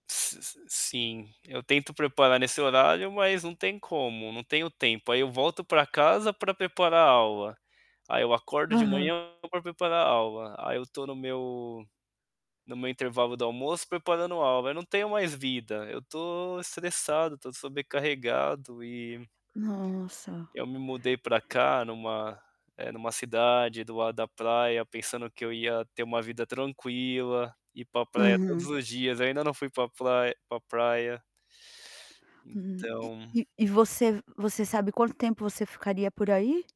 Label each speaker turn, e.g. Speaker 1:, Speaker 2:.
Speaker 1: S s sim, eu tento preparar nesse horário, mas não tem como, não tenho tempo, aí eu volto para casa para preparar aula. Aí eu acordo de
Speaker 2: Aham.
Speaker 1: manhã para preparar aula, aí eu estou no meu no meu intervalo do almoço preparando aula, eu não tenho mais vida, eu estou estressado, estou sobrecarregado e
Speaker 2: Nossa.
Speaker 1: Eu me mudei para cá em uma em uma cidade do lado da praia pensando que eu ia ter uma vida tranquila, ir para praia todos
Speaker 2: Aham.
Speaker 1: os dias, ainda não fui pra prai pra praia.
Speaker 2: Hum, e
Speaker 1: Então
Speaker 2: e e você você sabe quanto tempo você ficaria por aí?